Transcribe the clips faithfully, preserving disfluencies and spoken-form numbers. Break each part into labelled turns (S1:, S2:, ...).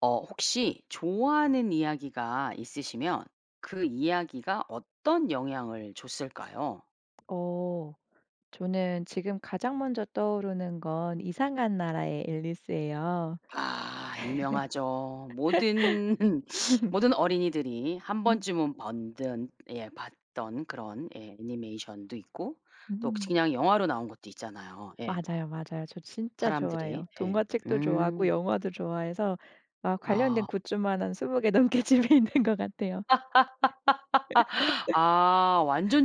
S1: 어 혹시 좋아하는 이야기가 있으시면 그 이야기가 어떤 영향을 줬을까요?
S2: 어 저는 지금 가장 먼저 떠오르는 건 이상한 나라의 앨리스예요.
S1: 아 유명하죠. 모든 모든 어린이들이 한
S2: 음.
S1: 번쯤은 번든 예 봤던 그런 예 애니메이션도 있고 또
S2: 음.
S1: 그냥 영화로 나온 것도 있잖아요. 예.
S2: 맞아요, 맞아요. 저 진짜
S1: 사람들이.
S2: 좋아해요.
S1: 예.
S2: 동화책도 좋아하고
S1: 음.
S2: 영화도 좋아해서 막
S1: 아.
S2: 관련된 굿즈만 한 스무 개 넘게 집에 있는 것 같아요.
S1: 아 완전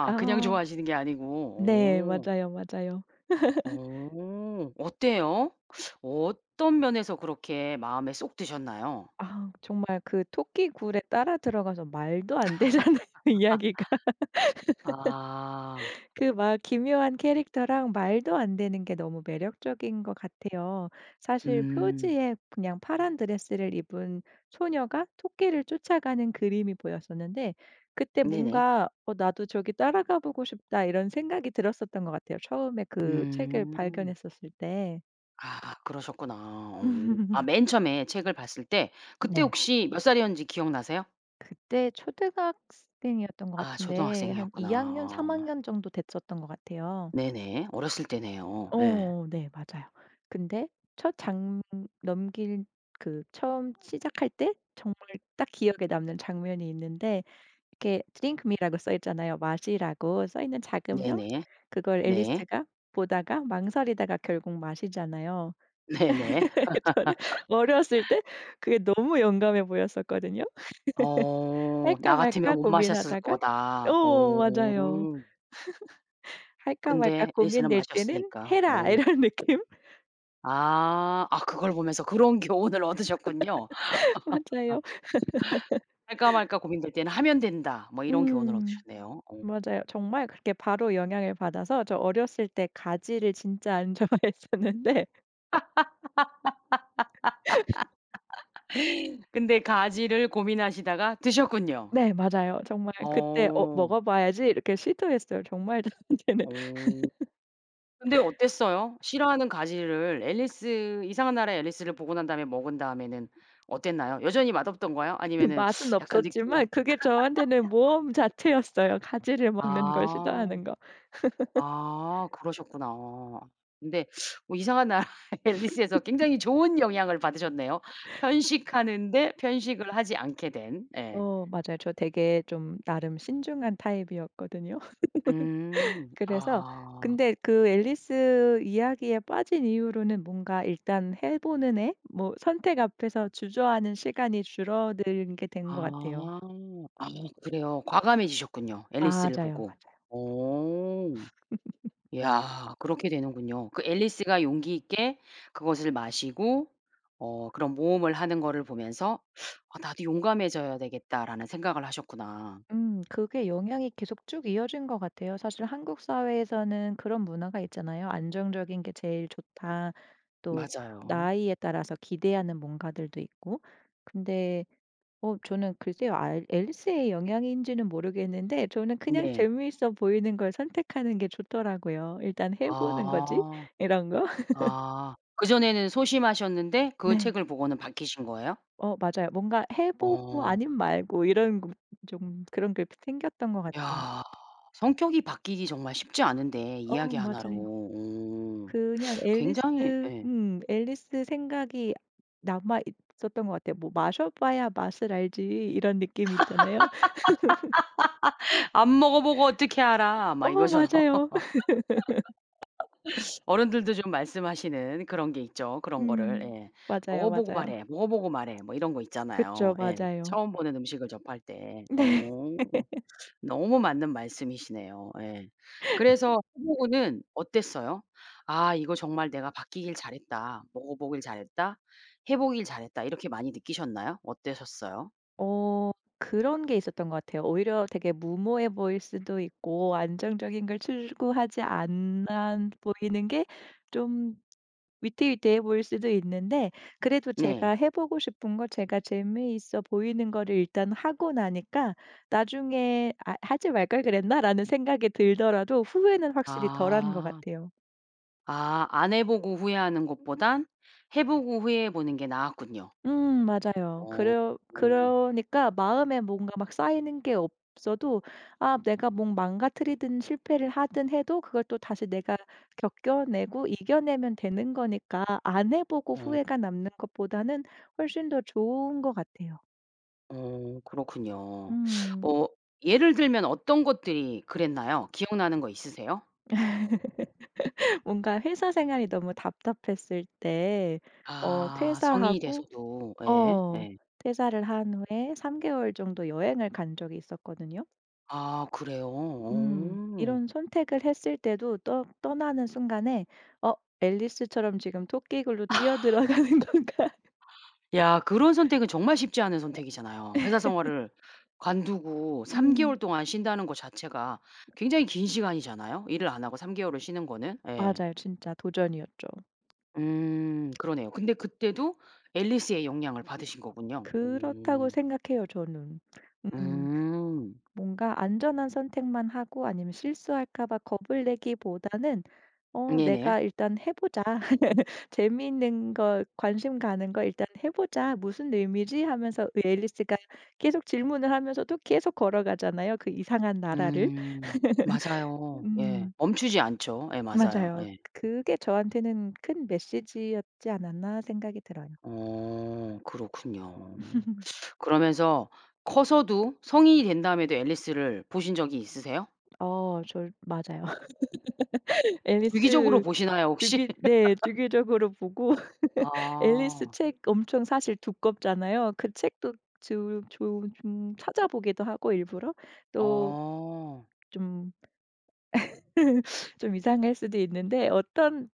S1: 그냥
S2: 아
S1: 좋아하시는 게 아니고.
S2: 네.
S1: 오.
S2: 맞아요, 맞아요.
S1: 어 어때요? 어떤 면에서 그렇게 마음에 쏙 드셨나요?
S2: 아 정말 그 토끼 굴에 따라 들어가서 말도 안 되잖아요, 이야기가.
S1: 아.
S2: 그 막 기묘한 캐릭터랑 말도 안 되는 게 너무 매력적인 것 같아요. 사실
S1: 음.
S2: 표지에 그냥 파란 드레스를 입은 소녀가 토끼를 쫓아가는 그림이 보였었는데 그때
S1: 네네.
S2: 뭔가 '어 나도 저기 따라 가 보고 싶다.' 이런 생각이 들었었던 것 같아요, 처음에 그 책을
S1: 음.
S2: 발견했었을 때.
S1: 아 그러셨구나. 어. 아 맨 처음에 책을 봤을 때 그때
S2: 네.
S1: 혹시 몇 살이었는지 기억 나세요?
S2: 그때 초등학생이었던 것
S1: 아
S2: 같은데 한
S1: 초등학생이었구나
S2: 이 학년, 삼
S1: 어.
S2: 학년 정도 됐었던 것 같아요.
S1: 네네. 어렸을 때네요. 예.
S2: 어 네 맞아요. 근데 첫 장 넘길 그 처음 시작할 때 정말 딱 기억에 남는 장면이 있는데 이렇게' Drink me '라고 써 있잖아요. 마시라고 써 있는 작은 병?
S1: 네네.
S2: 그걸
S1: 네.
S2: 앨리스가 보다가 망설이다가 결국 마시잖아요.
S1: 네네.
S2: 저는 어렸을 때 그게 너무 용감해 보였었거든요.
S1: 어
S2: 할까
S1: 나 같으면
S2: 말까
S1: 못 마셨을
S2: 고민하다가
S1: 거다.
S2: 어 맞아요.
S1: 어.
S2: '할까 말까
S1: 근데 앨리스는
S2: 고민될 때는
S1: 마셨으니까.
S2: 해라.'
S1: 오.
S2: 이런 느낌?
S1: 아. 아 그걸 보면서 그런 교훈을 얻으셨군요.
S2: 맞아요.
S1: '할까 말까 고민될 때는 하면 된다.' 뭐 이런 교훈을
S2: 음.
S1: 얻으셨네요. 오.
S2: 맞아요. 정말 그렇게 바로 영향을 받아서 저 어렸을 때 가지를 진짜 안 좋아했었는데
S1: 근데 가지를 고민하시다가 드셨군요.
S2: 네 맞아요. 정말 그때 '어
S1: 어.
S2: 먹어 봐야지.' 이렇게 시도했어요. 정말 저한테는
S1: 어. 근데 어땠어요? 싫어하는 가지를 앨리스 이상한 나라의 앨리스를 보고 난 다음에 먹은 다음에는 어땠나요? 여전히 맛없던가요?
S2: 그
S1: 아니면은
S2: 맛은
S1: 약간 느낌이
S2: 없었지만 그게 저한테는 모험 자체였어요. 가지를 먹는 걸
S1: 아.
S2: 시도하는 거.
S1: 아 그러셨구나. 근데 뭐 이상한 나라의 엘리스에서 굉장히 좋은 영향을 받으셨네요. 편식하는데 편식을 하지 않게 된. 예.
S2: 어 맞아요. 저 되게 좀 나름 신중한 타입이었거든요.
S1: 음.
S2: 그래서
S1: 아.
S2: 근데 그 앨리스 이야기에 빠진 이후로는 뭔가 일단 해 보는 애? 뭐 선택 앞에서 주저하는 시간이 줄어들게 된 것 같아요.
S1: 아. 아 그래요. 과감해지셨군요 앨리스를
S2: 맞아요,
S1: 보고.
S2: 맞아요.
S1: 오. 야 그렇게 되는군요. 그 엘리스가 용기 있게 그것을 마시고 어 그런 모험을 하는 거를 보면서 '아 나도 용감해져야 되겠다.'라는 생각을 하셨구나.
S2: 음 그게 영향이 계속 쭉 이어진 것 같아요. 사실 한국 사회에서는 그런 문화가 있잖아요. "안정적인 게 제일 좋다." 또
S1: 맞아요.
S2: 나이에 따라서 기대하는 뭔가들도 있고. 근데 어 저는 글쎄요. 알 앨리스의 영향인지는 모르겠는데 저는 그냥
S1: 네.
S2: 재미있어 보이는 걸 선택하는 게 좋더라고요. '일단 해 보는 거지?'
S1: 아.
S2: 이런 거?
S1: 아 그전에는 소심하셨는데 그
S2: 네.
S1: 책을 보고는 바뀌신 거예요?
S2: 어 맞아요. 뭔가 '해 보고
S1: 어.
S2: 아님 말고.' 이런 그 좀 그런 게 생겼던 것 같아.
S1: 야. 성격이 바뀌기 정말 쉽지 않은데
S2: 어
S1: 이야기 하나 로.
S2: 맞아요.
S1: 오
S2: 그냥
S1: 굉장히
S2: 앨리스
S1: 예.
S2: 음 앨리스 생각이 남아 있었던 것 같아요. 뭐 '마셔 봐야 맛을 알지.' 이런 느낌 있잖아요.
S1: "안 먹어보고 어떻게 알아." 막
S2: 어
S1: 이거죠.
S2: 맞아요.
S1: 어른들도 좀 말씀하시는 그런 게 있죠. 그런 거를
S2: 음.
S1: 예. "먹어
S2: 맞아요,
S1: 보고
S2: 맞아요.
S1: 말해. 먹어 보고 말해." 뭐 이런 거 있잖아요.
S2: 그쵸.
S1: 예
S2: 맞아요.
S1: 처음 보는 음식을 접할 때.
S2: 네.
S1: 오. 너무 맞는 말씀이시네요. 예. 그래서 해 보고는 어땠어요? '아 이거 정말 내가 바뀌길 잘했다. 먹어 보길 잘했다. 해 보길 잘했다.' 이렇게 많이 느끼셨나요? 어때셨어요?
S2: 어 그런 게 있었던 것 같아요. 오히려 되게 무모해 보일 수도 있고 안정적인 걸 추구하지 않아 보이는 게 좀 위태위태해 보일 수도 있는데 그래도
S1: 네.
S2: 제가 해 보고 싶은 거 제가 재미있어 보이는 거를 일단 하고 나니까 나중에 '아 하지 말걸 그랬나?'라는 생각이 들더라도 후회는 확실히 덜한 것
S1: 아.
S2: 같아요.
S1: 아 안 해 보고 후회하는 것보단 해 보고 후회해 보는 게 나았군요.
S2: 음 맞아요.
S1: 어.
S2: 그러
S1: 어.
S2: 그러니까 마음에 뭔가 막 쌓이는 게 없어도 아 내가 뭐 망가뜨리든 실패를 하든 해도 그걸 또 다시 내가 겪어내고 이겨내면 되는 거니까 안 해 보고
S1: 어
S2: 후회가 남는 것보다는 훨씬 더 좋은 것 같아요.
S1: 어 그렇군요.
S2: 음.
S1: 어 예를 들면 어떤 것들이 그랬나요? 기억나는 거 있으세요?
S2: 뭔가 회사 생활이 너무 답답했을 때 어
S1: 아. 성인이
S2: 퇴사하고
S1: 돼서도. 예.
S2: 어
S1: 예.
S2: 퇴사를 한 후에 삼 개월 정도 여행을 간 적이 있었거든요.
S1: 아. 그래요?
S2: 음.
S1: 어.
S2: 이런 선택을 했을 때도 떠 떠나는 순간에 어 '앨리스처럼 지금 토끼굴로 뛰어들어 가는 건가.'
S1: 야 그런 선택은 정말 쉽지 않은 선택이잖아요. 회사
S2: 에
S1: 생활을 관두고 삼
S2: 음.
S1: 개월 동안 쉰다는 거 자체가 굉장히 긴 시간이잖아요, 일을 안 하고 삼 개월을 쉬는 거는. 예.
S2: 맞아요. 진짜 도전이었죠.
S1: 음 그러네요. 근데 그때도 엘리스의 영향을 받으신 거군요.
S2: 그렇다고
S1: 오.
S2: 생각해요, 저는. 음.
S1: 음.
S2: 뭔가 안전한 선택만 하고 아니면 실수할까 봐 겁을 내기보다는 어
S1: 네네.
S2: '내가 일단 해 보자. 재밌는 거, 관심 가는 거 일단 해 보자. 무슨 의미지?' 하면서 그 앨리스가 계속 질문을 하면서도 계속 걸어가잖아요, 그 이상한 나라를.
S1: 음. 맞아요. 예.
S2: 음.
S1: 멈추지 않죠. 예 맞아요
S2: 맞아요.
S1: 예.
S2: '그 그게 저한테는 큰 메시지였지 않았나.' 생각이 들어요.
S1: 어. 그렇군요. 그러면서 커서도 성인이 된 다음에도 엘리스를 보신 적이 있으세요?
S2: 어 절 맞아요.
S1: 주기적으로
S2: 앨리스
S1: 보시나요 혹시?
S2: 주기 네 주기적으로 보고 앨리스
S1: 아.
S2: 책 엄청 사실 두껍잖아요. 그 책도 즘 좀 좀 찾아보기도 하고 일부러. 또
S1: 어.
S2: 좀 좀 이상할 수도 있는데 어떤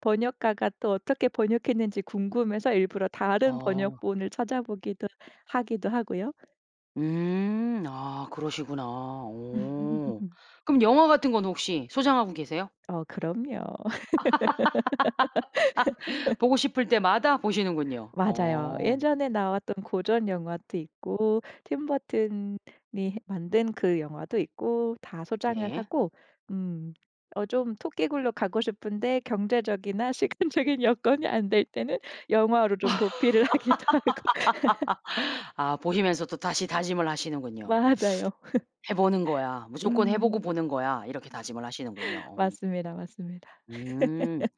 S2: 번역가가 또 어떻게 번역했는지 궁금해서 일부러 다른
S1: 아.
S2: 번역본을 찾아보기도 하기도 하고요.
S1: 음. 아 그러시구나. 오. 그럼 영화 같은 건 혹시 소장하고 계세요?
S2: 어 그럼요.
S1: 보고 싶을 때마다 보시는군요.
S2: 맞아요.
S1: 어.
S2: 예전에 나왔던 고전영화도 있고 팀 버튼이 만든 그 영화도 있고 다 소장을
S1: 네.
S2: 하고 음 어 좀 토끼굴로 가고 싶은데 경제적이나 시간적인 여건이 안 될 때는 영화로 좀 도피를 하기도 하고.
S1: 아 보시면서 또 다시 다짐을 하시는군요.
S2: 맞아요.
S1: '해 보는 거야. 무조건 해 보고
S2: 음.
S1: 보는 거야.' 이렇게 다짐을 하시는군요. 어.
S2: 맞습니다, 맞습니다.
S1: 음.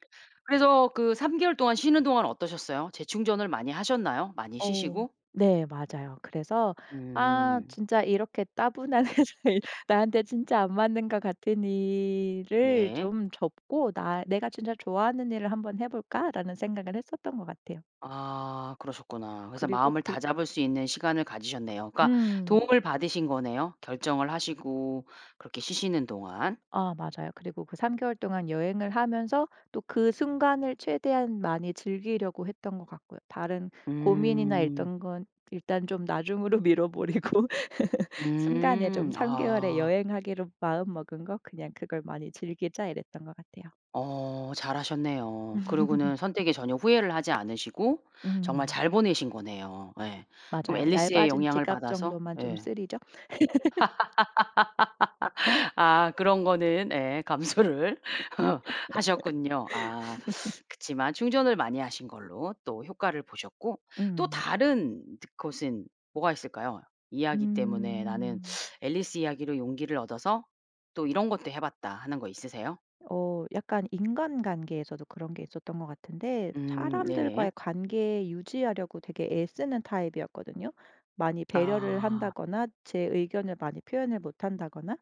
S1: 그래서 그 삼 개월 동안 쉬는 동안 어떠셨어요? 재충전을 많이 하셨나요? 많이
S2: 어
S1: 쉬시고?
S2: 네. 맞아요. 그래서 '아
S1: 음.
S2: 진짜 이렇게 따분한 일을 나한테 진짜 안 맞는 것 같은 일을
S1: 네.
S2: 좀 접고 나 내가 진짜 좋아하는 일을 한번 해 볼까?'라는 생각을 했었던 것 같아요.
S1: 아 그러셨구나. 그래서
S2: 그리고
S1: 마음을
S2: 그
S1: 다잡을 수 있는 시간을 가지셨네요. 그러니까
S2: 음.
S1: 도움을 받으신 거네요, 결정을 하시고 그렇게 쉬시는 동안.
S2: 아 맞아요. 그리고 그 삼 개월 동안 여행을 하면서 또 그 순간을 최대한 많이 즐기려고 했던 것 같고요. 다른 고민이나
S1: 음.
S2: 있던 건 일단 좀 나중으로 미뤄 버리고 순간에 좀
S1: 음
S2: 삼 개월에
S1: 아.
S2: '여행하기로 마음먹은 거 그냥 그걸 많이 즐기자.' 이랬던 것 같아요.
S1: 어 잘 하셨네요. 그러고는 선택에 전혀 후회를 하지 않으시고 정말
S2: 음.
S1: 잘 보내신 거네요. 예. 그럼
S2: 맞아요.
S1: 앨리스의
S2: 얇아진
S1: 영향을
S2: 지갑
S1: 받아서
S2: 정도만 좀
S1: 예.
S2: 쓰리죠?
S1: 아 그런 거는 예 감수를 하셨군요. 아 그렇지만 충전을 많이 하신 걸로 또 효과를 보셨고 또
S2: 음 맞아요.
S1: 다른 드 것은 뭐가 있을까요? 이야기 때문에 나는
S2: 음.
S1: 엘리스 이야기로 용기를 얻어서 또 "이런 것도 해 봤다." 하는 거 있으세요?
S2: 어 약간 인간관계에서도 그런 게 있었던 것 같은데
S1: 음 네네.
S2: 사람들과의 관계 유지하려고 되게 애쓰는 타입이었거든요. 많이 배려를
S1: 아.
S2: 한다거나 제 의견을 많이 표현을 못 한다거나?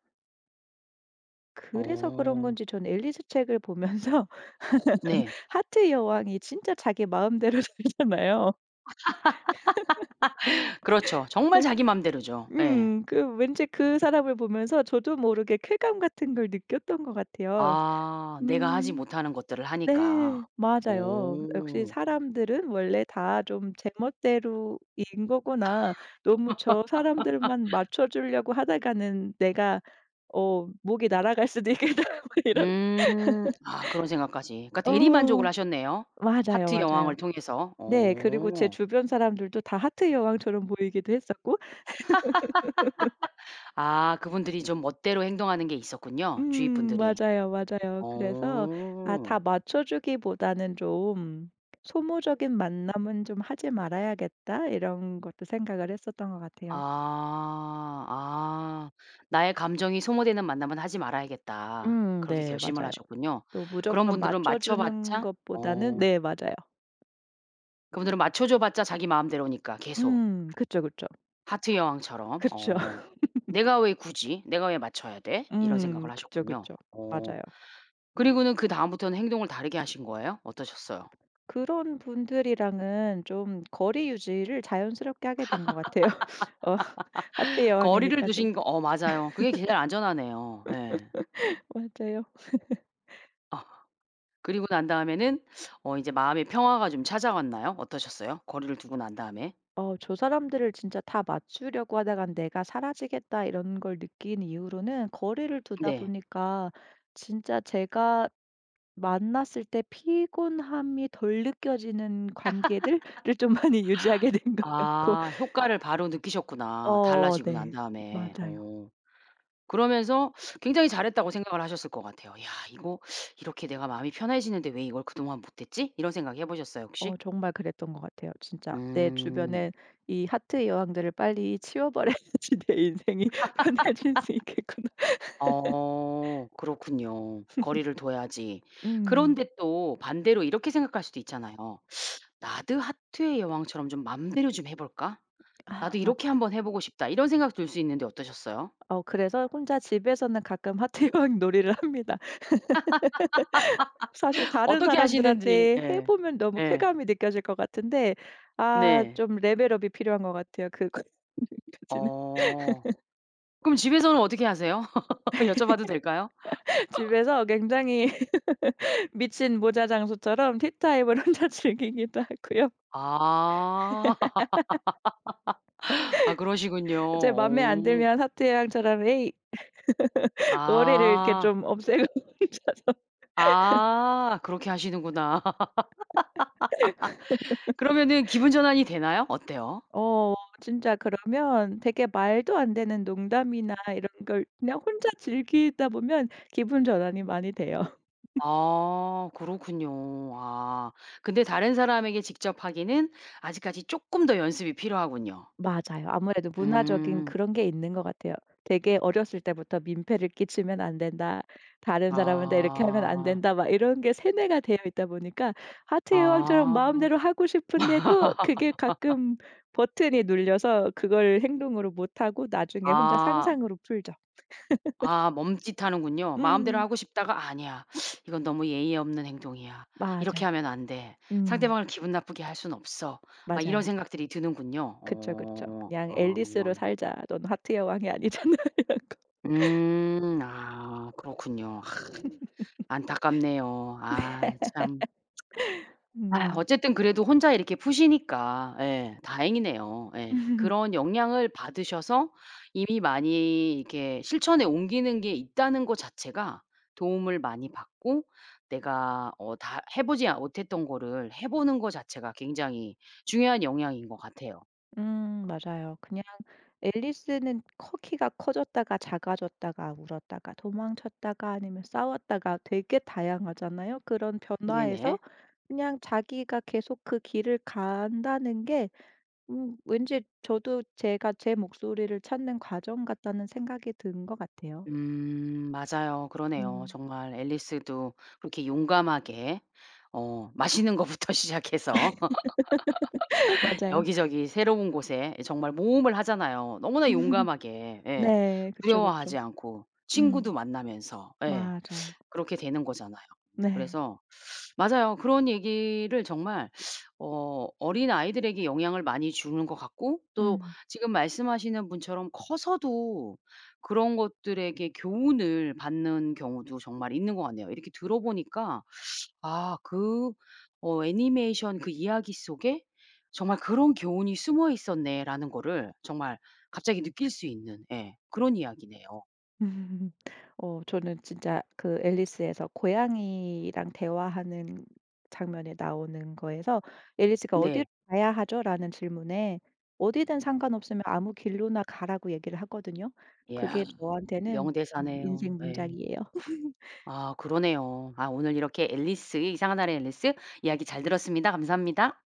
S2: 그래서 그런
S1: 어.
S2: 건지 저는 앨리스 책을 보면서
S1: 네.
S2: 하트 여왕이 진짜 자기 마음대로 살잖아요.
S1: 그렇죠. 정말
S2: 꼭
S1: 자기 맘대로죠. 예.
S2: 음 그 왠지 그 사람을 보면서 저도 모르게 쾌감 같은 걸 느꼈던 것 같아요.
S1: 아. 내가 하지
S2: 음
S1: 못하는 것들을 하니까.
S2: 네. 맞아요. '역시
S1: 어.
S2: 사람들은 원래 다 좀 제멋대로인 거구나. 너무 저 사람들만 맞춰 주려고 하다가는 내가 어 목이 날아갈 수도 있겠다.' 뭐 이런?
S1: 음. 아 그런 생각까지. 그러니까 대리만족을
S2: 어
S1: 하셨네요,
S2: 맞아요,
S1: 하트 여왕을
S2: 맞아요.
S1: 통해서.
S2: 네. 그리고 제
S1: 오.
S2: 주변 사람들도 다 하트 여왕처럼 보이기도 했었고.
S1: 아 그분들이 좀 멋대로 행동하는 게 있었군요, 주위
S2: 음
S1: 분들이.
S2: 맞아요, 맞아요. 그래서 아
S1: 어.
S2: '다 맞춰주기보다는 좀 소모적인 만남은 좀 하지 말아야겠다.' 이런 것도 생각을 했었던 것 같아요.
S1: 아. 아 '나의 감정이 소모되는 만남은 하지 말아야겠다.'
S2: 음
S1: 그렇게
S2: 네.
S1: 결심을
S2: 맞아요.
S1: 하셨군요.
S2: 또
S1: 그런
S2: 무조건
S1: 분들은
S2: 맞춰
S1: 맞춰
S2: 주는
S1: 봤자
S2: 것보다는
S1: 어.
S2: 네. 맞아요.
S1: 그분들은 맞춰 줘 봤자 자기 마음대로니까 계속
S2: 음 그쵸, 그쵸.
S1: 하트의 여왕처럼.
S2: 그쵸.
S1: 어. '내가 왜 굳이 내가 왜 맞춰야 돼?' 이런
S2: 음.
S1: 생각을
S2: 그쵸,
S1: 하셨군요.
S2: 그쵸.
S1: 어
S2: 맞아요.
S1: 그리고는 그다음부터는 행동을 다르게 하신 거예요? 어떠셨어요?
S2: 그런 분들이랑은 좀 거리 유지를 자연스럽게 하게 된 것 같아요. 어 하트의
S1: 거리를
S2: 여왕이니까 좀
S1: 두신 거 어 맞아요. 그게 진짜 안전하네요. 예.
S2: 맞아요.
S1: 그리고 난 다음에는 어 이제 마음의 평화가 좀 찾아왔나요? 어떠셨어요, 거리를 두고 난 다음에?
S2: 어 '저 사람들을 진짜 다 맞추려고 하다간 내가 사라지겠다.' 이런 걸 느낀 이후로는 거리를 두다
S1: 네.
S2: 보니까 진짜 제가 만났을 때 피곤함이 덜 느껴지는 관계들을 좀 많이 유지하게 된 것 같고
S1: 아 효과를 바로 느끼셨구나,
S2: 어
S1: 달라지고 난
S2: 네.
S1: 다음에.
S2: 맞아요.
S1: 오 그러면서 굉장히 잘했다고 생각을 하셨을 것 같아요. '이야 이거 이렇게 내가 마음이 편해지는데 왜 이걸 그동안 못했지?' 이런 생각 해 보셨어요, 혹시?
S2: 어 정말 그랬던 것 같아요. 진짜 '내
S1: 음.
S2: 주변에 이 하트의 여왕들을 빨리 치워 버려야지 내 인생이 편해질 수 있겠구나.'
S1: 어 그렇군요. 거리를 둬야지.
S2: 음.
S1: 그런데 또 반대로 이렇게 생각할 수도 있잖아요. '나도 하트의 여왕처럼 좀 맘대로 좀 해 볼까? 나도
S2: 아
S1: 이렇게
S2: 맞아요.
S1: 한번 해 보고 싶다.' 이런 생각 들 수 있는데 어떠셨어요?
S2: 어 그래서 혼자 집에서는 가끔 하트의 여왕 놀이를 합니다. 사실 다른
S1: 어떻게 하시는지
S2: 사람들한테 해
S1: 예.
S2: 보면 너무
S1: 예.
S2: 쾌감이 느껴질 것 같은데 아
S1: 네.
S2: 좀 레벨 업이 필요한 것 같아요 그것까지는.
S1: 어. 그럼 집에서는 어떻게 하세요? 여쭤봐도 될까요?
S2: 집에서 굉장히 미친 모자 장수처럼 티타임을 혼자 즐기기도 하고요.
S1: 아. 아 그러시군요.
S2: 제 맘에 안
S1: 어.
S2: 들면 하트의 여왕처럼 "에이!" 머리를 이렇게
S1: 아.
S2: 좀 없애고 혼자서
S1: 아 그렇게 하시는구나. 그러면은 기분 전환이 되나요? 어때요?
S2: 어 진짜 그러면 되게 말도 안 되는 농담이나 이런 걸 그냥 혼자 즐기다 보면 기분 전환이 많이 돼요.
S1: 아 그렇군요. 아 근데 다른 사람에게 직접 하기는 아직까지 쪼끔 더 연습이 필요하군요.
S2: 맞아요. 아무래도 문화적인
S1: 음.
S2: 그런 게 있는 것 같아요. 되게 어렸을 때부터 "민폐를 끼치면 안 된다. 다른 사람한테 이렇게 하면 안
S1: 아.
S2: 된다." 막 이런 게 세뇌가 되어 있다 보니까 하트의 여왕처럼
S1: 아.
S2: 마음대로 하고 싶은데도 그게 가끔 버튼이 눌려서 그걸 행동으로 못하고 나중에 혼자
S1: 아.
S2: 상상으로 풀죠.
S1: 아 멈칫하는군요. 마음대로
S2: 음.
S1: 하고 싶다가 '아니야. 이건 너무 예의 없는 행동이야.
S2: 맞아요.
S1: 이렇게 하면 안 돼.
S2: 음.
S1: 상대방을 기분 나쁘게 할 순 없어.' 막 이런
S2: 맞아요.
S1: 생각들이 드는군요.
S2: 그쵸, 그쵸.
S1: 오.
S2: '그냥
S1: 아.
S2: 앨리스로 살자. 넌 하트의 여왕이 아니잖아.' 이러고.
S1: 음. 아 그렇군요. 안타깝네요. 아 참. 아휴
S2: 음.
S1: 어쨌든 그래도 혼자 이렇게 푸시니까 예 다행이네요 예. 그런 영향을 받으셔서 이미 많이 이렇게 실천에 옮기는 게 있다는 거 자체가 도움을 많이 받고 내가 어 다 해 보지 못했던 거를 해 보는 거 자체가 굉장히 중요한 영향인 것 같아요.
S2: 음 맞아요. 그냥 앨리스는 커 키가 커졌다가 작아졌다가 울었다가 도망쳤다가 아니면 싸웠다가 되게 다양하잖아요. 그런 변화에서
S1: 예네.
S2: 그냥 자기가 계속 그 길을 간다는 게 음 왠지 저도 제가 제 목소리를 찾는 과정 같다는 생각이 든 것 같아요.
S1: 음 맞아요. 그러네요.
S2: 음.
S1: 정말 앨리스도 그렇게 용감하게 어 맛있는 거부터 시작해서
S2: 맞아요.
S1: 여기저기 새로운 곳에 예 정말 모험을 하잖아요 너무나 용감하게. 예.
S2: 네. 그쵸,
S1: 두려워하지
S2: 그쵸.
S1: 않고 친구도
S2: 음.
S1: 만나면서 예.
S2: 맞아요.
S1: 그렇게 되는 거잖아요.
S2: 네.
S1: 그래서 맞아요. 그런 얘기를 정말 어 어린아이들에게 영향을 많이 주는 것 같고 또
S2: 음.
S1: 지금 말씀하시는 분처럼 커서도 그런 것들에게 교훈을 받는 경우도 정말 있는 것 같네요. 이렇게 들어 보니까 '아 그 어 애니메이션 그 이야기 속에 정말 그런 교훈이 숨어 있었네.'라는 거를 정말 갑자기 느낄 수 있는 예 그런 이야기네요.
S2: 어 저는 진짜 그 앨리스에서 고양이랑 대화하는 장면이 나오는 거에서 앨리스가 "어디로
S1: 네.
S2: 가야 하죠?" 라는 질문에 "어디든 상관없으면 아무 길로나 가."라고 얘기를 하거든요. 그게
S1: 이야
S2: 저한테는 음
S1: 명대사네요.
S2: 인생
S1: 예.
S2: 문장이에요.
S1: 아 그러네요. 아 오늘 이렇게 앨리스 이상한 나라의 앨리스 이야기 잘 들었습니다. 감사합니다.